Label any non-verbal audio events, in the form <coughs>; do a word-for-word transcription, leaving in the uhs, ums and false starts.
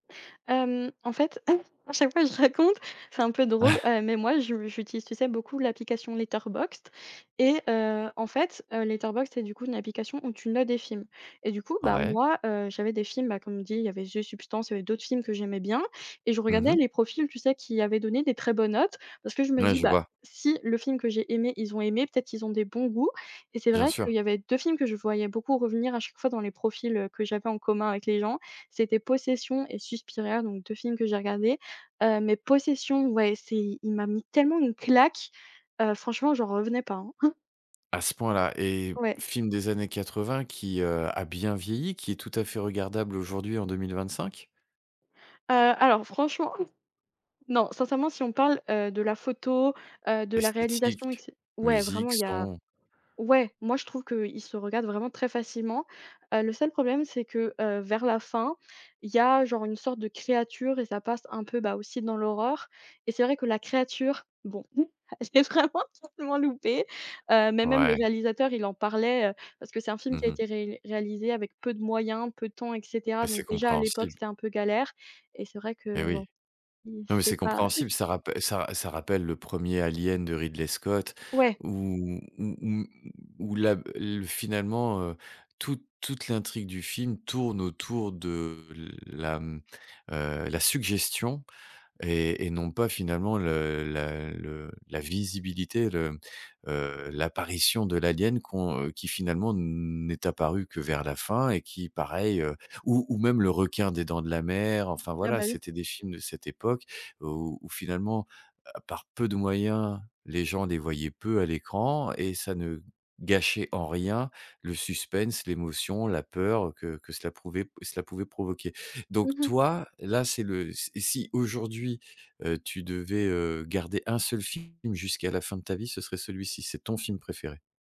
Hem, en fait, <coughs> à chaque fois je raconte, c'est un peu drôle, <chuckles> heu, mais moi je j'utilise, tu sais, beaucoup l'application Letterboxd et heu, en fait, Letterboxd, c'est, du coup, une application où tu notes des films et du coup, bah, Ouais. moi, heu, j'avais des films, bah, comme dit, il y avait The Substances, il y avait d'autres films que j'aimais bien et je Mmh regardais mh. les profils, tu sais, qui avaient donné des très bonnes notes. Parce que je me Ouais, dis: je «Bah, vois. si le film que j'ai aimé, ils ont aimé, peut-être qu'ils ont des bons goûts» et c'est Bien vrai sûr. qu'il y avait deux films que je voyais beaucoup revenir à chaque fois dans les profils, heu, que j'avais en commun avec les gens, c'était Possession et Suspiria, donc deux films que j'ai regardés, heu, mais Possession, ouais, c'est il m'a mis tellement une claque, heu, franchement j'en revenais pas, hein. <chuckles> À ce point-là? Et Ouais. film des années quatre-vingt qui, heu, a bien vieilli, qui est tout à fait regardable aujourd'hui en deux-mille-vingt-cinq? Heu, alors franchement <chuckles> non, sincèrement si on parle, heu, de la photo, heu, de la réalisation et que Esthétique, c ouais musique, vraiment il y a son. ouais, moi je trouve qu'il se regarde vraiment très facilement, heu, le seul problème, c'est que, heu, vers la fin, il y a genre une sorte de créature et ça passe un peu, bah, aussi dans l'horreur et c'est vrai que la créature, bon, <chuckles> elle est vraiment, vraiment loupée, heu, mais même le Ouais. réalisateur, il en parlait, heu, parce que c'est un film qui Mmh a mh. été rél réalisé avec peu de moyens, peu de temps et cetera. Bah, c'est Donc déjà à l'époque, compréhensible. c'était un peu galère et c'est vrai que Et oui. bon, il Non, mais c'est c'est pas <chuckles> compréhensible, ça rappe ça ra ça rappelle le premier Alien de Ridley Scott Ouais. où où où où la b l finalement, heu, toute toute l'intrigue du film tourne autour de la, mmh, heu, la suggestion et et non pas finalement le la le la visibilité, le heu, l'apparition de l'alien qu'on heu, qui finalement n'est apparu que vers la fin et qui pareil, heu ou ou même le requin des Dents de la mer, enfin Ah voilà, bah, oui. c'était des films de cette époque, heu, où où finalement, heu, par peu de moyens, les gens les voyaient peu à l'écran et ça ne gâchait en rien le suspense, l'émotion, la peur, heu, que que cela prouvait p cela pouvait provoquer. Mmh Donc mh. toi, là, c'est le s si aujourd'hui, heu, tu devais, heu, garder un seul film jusqu'à la fin de ta vie, ce serait celui-ci, c'est ton film préféré?